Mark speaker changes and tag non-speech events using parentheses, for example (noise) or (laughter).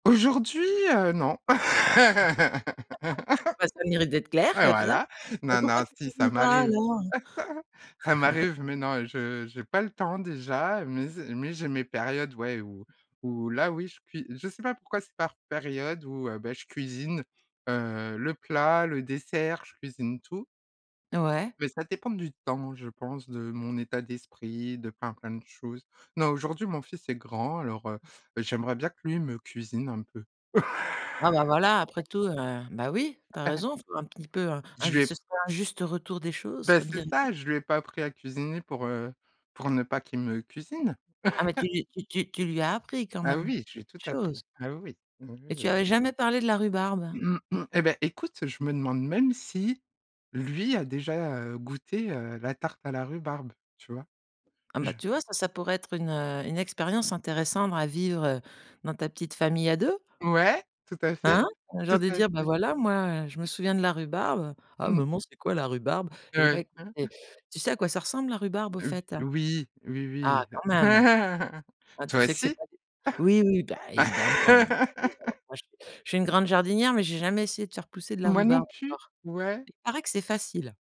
Speaker 1: Aujourd'hui? Heu, non.
Speaker 2: (laughs) Bah, ça a le mérite d'être
Speaker 1: (laughs)
Speaker 2: clair
Speaker 1: Bah,
Speaker 2: comme ça.
Speaker 1: voilà,
Speaker 2: Ben,
Speaker 1: non,
Speaker 2: pourquoi
Speaker 1: non,
Speaker 2: tu
Speaker 1: si ça
Speaker 2: cuisines pas
Speaker 1: m'arrive
Speaker 2: alors?
Speaker 1: (chuckles) ça
Speaker 2: (chuckles)
Speaker 1: m'arrive mais non, je j'ai pas le temps déjà, mais zé mais j'ai mes périodes, ouais, où où là, oui, je cui je sais pas pourquoi c'est par période où, heu, beh, je cuisine, heu, le plat, le dessert, je cuisine tout
Speaker 2: Ouais.
Speaker 1: mais ça dépend du temps, je pense, de mon état d'esprit, de plein, plein de choses. Non, aujourd'hui, mon fils est grand alors, heu, j'aimerais bien que lui me cuisine un peu.
Speaker 2: Ah bah, voilà, après
Speaker 1: (laughs)
Speaker 2: tout, heu, ben, oui, tu as
Speaker 1: (chuckles)
Speaker 2: raison, faut un petit peu, heu, un
Speaker 1: Je lui
Speaker 2: juste
Speaker 1: ai
Speaker 2: c'est un juste retour des choses
Speaker 1: beh,
Speaker 2: comme
Speaker 1: c'est
Speaker 2: dirait l'autre.
Speaker 1: ça, je lui ai pas appris à cuisiner pour, heu, pour ne pas qu'il me cuisine.
Speaker 2: Ah, mais tu
Speaker 1: (chuckles)
Speaker 2: tu tu tu lui as appris quand
Speaker 1: Ah
Speaker 2: même?
Speaker 1: oui, je lui ai tout
Speaker 2: Chose.
Speaker 1: appris. Ah oui, oui. Oui, oui,
Speaker 2: Et tu
Speaker 1: oui.
Speaker 2: avais jamais parlé de la rhubarbe?
Speaker 1: (clears throat) Eh ben, écoute, je me demande même si lui a déjà, heu, goûté, heu, la tarte à la rhubarbe, tu vois?
Speaker 2: Ah ben,
Speaker 1: Je
Speaker 2: tu vois, ça, ça pourrait être une, heu, une expérience intéressante à vivre, heu, dans ta petite famille à 2?
Speaker 1: Ouais, tout à fait.
Speaker 2: Hein? Un
Speaker 1: Tout
Speaker 2: genre de
Speaker 1: à
Speaker 2: dire: «Bah
Speaker 1: fait.
Speaker 2: voilà, moi, heu, je me souviens de la rhubarbe». «Ah
Speaker 1: Mmh.
Speaker 2: maman, c'est quoi la rhubarbe?» Eh
Speaker 1: Heu,
Speaker 2: ben,
Speaker 1: hein.
Speaker 2: é
Speaker 1: (chuckles)
Speaker 2: tu sais à quoi ça ressemble la rhubarbe, au fait?
Speaker 1: Oui,
Speaker 2: Ah
Speaker 1: oui,
Speaker 2: quand
Speaker 1: oui.
Speaker 2: même!
Speaker 1: (chuckles)
Speaker 2: Enfin tu
Speaker 1: Toi
Speaker 2: sais que c'est
Speaker 1: aussi?
Speaker 2: pas des oui oui, bah, évidemment (unintelligible) je
Speaker 1: (laughs)
Speaker 2: suis une grande jardinière, mais j'ai jamais essayé de faire pousser de la
Speaker 1: Moi non
Speaker 2: rhubarbe
Speaker 1: plus,
Speaker 2: encore.
Speaker 1: ouais.
Speaker 2: Il paraît que c'est facile.